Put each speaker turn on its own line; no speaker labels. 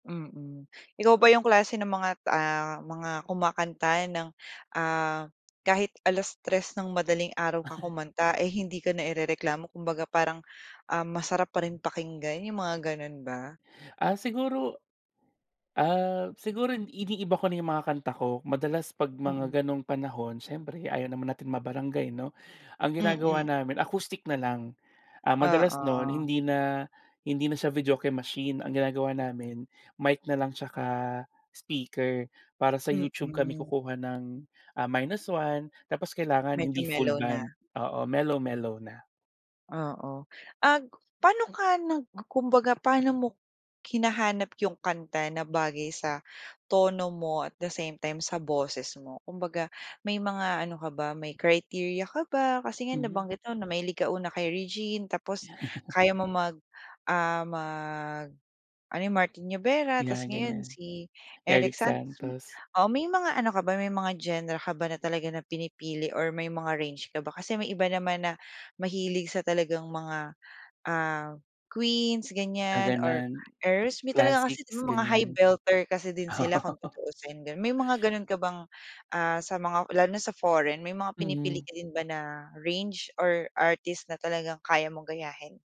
Mm, ikaw ba 'yung klase ng mga t ah, mga kumakanta ng, ah, kahit 3:00 ng madaling araw ka kumanta ay hindi ka nairereklamo kumbaga parang, ah, masarap pa rin pakinggan, 'yung mga gano'n ba?
Ah, siguro ah, siguro iniiba ko na 'yung mga kanta ko madalas kapag mga
Mm.
ganong panahon siyempre ayaw naman natin ma-barangay 'no? Ang ginagawa
Mm.
namin acoustic na lang, ah, madalas no'n
Oo.
hindi na hindi na siya videoke machine, ang ginagawa namin mic na lang at saka speaker para sa YouTube kami
Mm.
kukuha ng, ah, -1 tapos kailangan
Medyo
hindi full
mellow na.
band, oo mellow-mellow na.
Oo, ag paano ka nag kumbaga paano mo hinahanap 'yung kanta na bagay sa tono mo at the same time sa boses mo, kumbaga may mga ano ka ba may criteria ka ba, kasi nga
Hmm.
nabanggit mo na mahilig ka una kay Regine tapos kaya mo mag, ah, mag, ano Martin Nievera tapos
'Yan,
ngayon
ganiyan.
si Eric
Eric
Santos.
Santos.
Oo, may mga ano ka ba, may mga genre ka ba na talaga na pinipili or may mga range ka ba kasi may iba naman na mahilig sa talagang mga, ah, Queens
Ah,
ganiyan or
ganon.
Heirs may talaga kasi
Classics,
mga high
ganiyan.
belter kasi din sila kung
Oo.
tutuusin gano'n, may mga gano'n ka bang, ah, sa mga lalo na sa foreign may mga pinipili
Mm.
ka din ba na range or artist na talagang kaya mong gayahin?